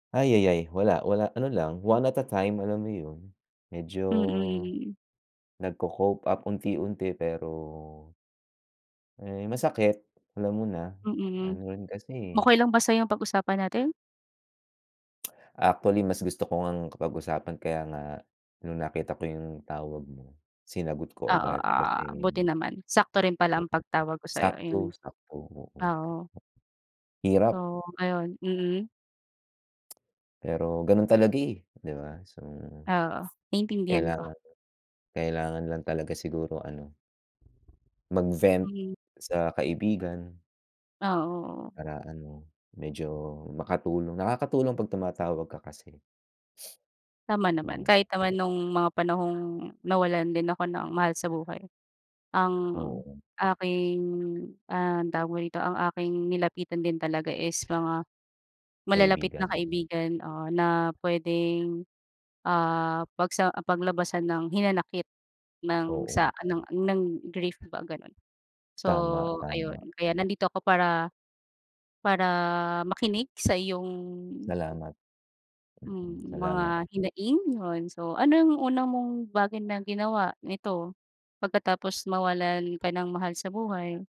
Ayayay, wala, wala, ano lang, one at a time alam mo 'yun, medyo, Mm. nagko-cope up unti-unti pero Eh, masakit, alam mo na, Mm. ano rin kasi eh. Okey lang ba sa'yong pag-usapan natin? Actually, mas gusto ko ngang pag-usapan kaya nga, nung nakita ko 'yung tawag mo sinagot ko Oo, agad ah kasi buti naman. Sakto rin pala ang pagtawag ko sa'yo. Sakto, Ayun, sakto, oo. oo. Hirap. Oo, ayon, mm. Pero ganun talaga eh 'di ba. So, Oo, naintindihan ko. kailangan kailangan lang talaga siguro ano Mag-vent Mhm. sa kaibigan. Ah, oo. Para ano, medyo makatulong, nakakatulong 'pag tumatawag ka kasi. Tama naman, kahit naman nung mga panahong nawalan din ako ng mahal sa buhay. Ang Oo. aking, ah, tawag mo rito, ang aking nilapitan din talaga is mga malalapit na Kaibigan. kaibigan, ah, na puwedeng, ah, pagsa paglabasan ng hinanakit ng Oo. sa ng ng grief ba, gano'n. So Tama, ayun, tama. kaya nandito ako para para makinig sa iyong Salamat. Mm, hmm, salamat. mga hinaing. 'Yun, so anong unang mong bagay na ginawa nito, pagkatapos mawalan ka ng mahal sa buhay?